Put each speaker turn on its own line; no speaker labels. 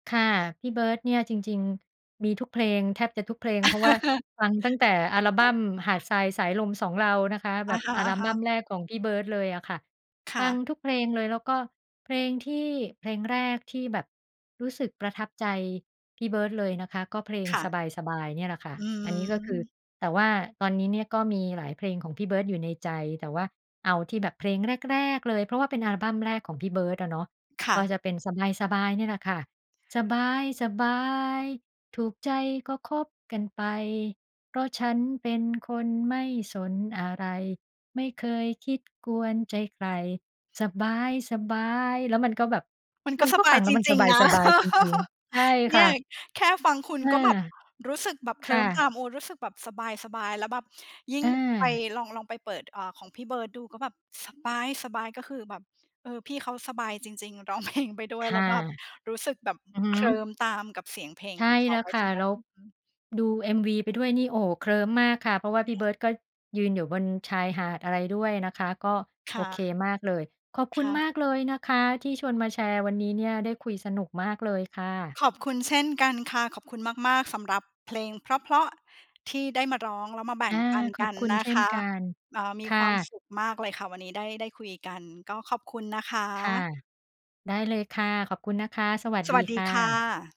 ค่ะ พี่เบิร์ดเนี่ยจริง ๆ มีทุกเพลง แทบจะทุกเพลง เพราะว่าฟังตั้งแต่อัลบั้มหาดทราย สายลม สองเรา นะคะ แ
อ
บ
ะ
บ
ฮ
อัลบ
ะ
ั้ม
ๆ
แรกของพี่เบิร์ดเลยอะค่ะ
ค
ฟ
่
ัง
ะ
ทุกเพลงเลย แล้วก็เพลงที่ เพลงแรกที่แบบรู้สึกประทับใจพี่เบิร์ดเลยนะคะ ก็เพลง
ค่ะ
"สบาย ๆ" เนี่ยแหละค่ะ
อื
อันนี้ก็คือ
ม
แต่ว่าตอนนี้เนี่ยก็มีหลายเพลงของพี่เบิร์ดอยู่ในใจ แต่ว่าเอาที่แบบเพลงแรก ๆ เลย เพราะว่าเป็นอัลบั้มแรกของพี่เบิร์ดอะเนาะ
ค่
ก็
ะ
จะเป็น สบาย ๆ เนี่ยแหละค่ะ สบาย ๆ ถูกใจก็คบกันไป เพราะฉันเป็นคนไม่สนอะไร ไม่เคยคิด กวนใจใคร สบาย ๆ แล้วมันก็แบบ
มัน
ม
ก
ั
็
น
ส
ก็
บ
ฟ
า
ั
ย
งแล
จ
้วมัน
ร
ส
ิง ๆ นะ
บาย ๆ จริง ๆ ใช่
เน
ค
ี
่
่ย
ะ
แค่ฟังคุณ
อา
ก็แบบ รู้สึกแบบ เ
ค
คล
่
ิ้มต
ะ
าม โอ้ รู้สึกแบบสบาย ๆ แล้วแบบยิ่ง
อ
ไป
า
ลอง ลองไปเปิด อ่า ของพี่เบิร์ดดูก็แบบ สบาย ๆ ก็คือแบบ เออ พี่เขาสบายจริง ๆ ร้อง เพลง ไปด้ว
ค
ย แล
่
้
ะ
วแบบรู้สึกแบบ
อือฮึ
เคลิ้มตามกับเสียงเพลง
ใช
ข
่
องเข
แ
า
ล้ว
ไป
ค
ใ
่
ช
ะ
่ไหม?
แล้ว
อือฮึ
ดู MV ไปด้วยนี่ โอ้โฮ เคลิ้มมากค่ะ เพราะว่าพี่เบิร์ดก็ยืนอยู่บนชายหาดอะไรด้วยนะคะ ก็
ค
โอ
่ะ
เคมากเลย ขอบคุ
ค
ณ
่ะ
มากเลยนะคะที่ชวนมาแชร์วันนี้เนี่ย ได้คุยสนุกมากเลยค่ะ
ขอบคุณเช่นกันค่ะ ขอบคุณมาก ๆ สำหรับเพลงเพราะ ๆ ที่ได้มาร้อง แล้วมาแบ่
อ
ง
า
ปัน
ข
ก
อ
ั
บ
น
คุณ
นะ
เช่
ค
น
ะ
กัน
เอ่อ มี
ค
ค
่
วาม
ะ
สุขมากเลยค่ะ วันนี้ได้ ได้คุยกัน ก็ขอบคุณนะค
ค่ะ
ะ
ได้เลยค่ะ ขอบคุณนะคะ สวัส
ส
ดี
วัสด
ค
ี
่
ค่
ะ
ะ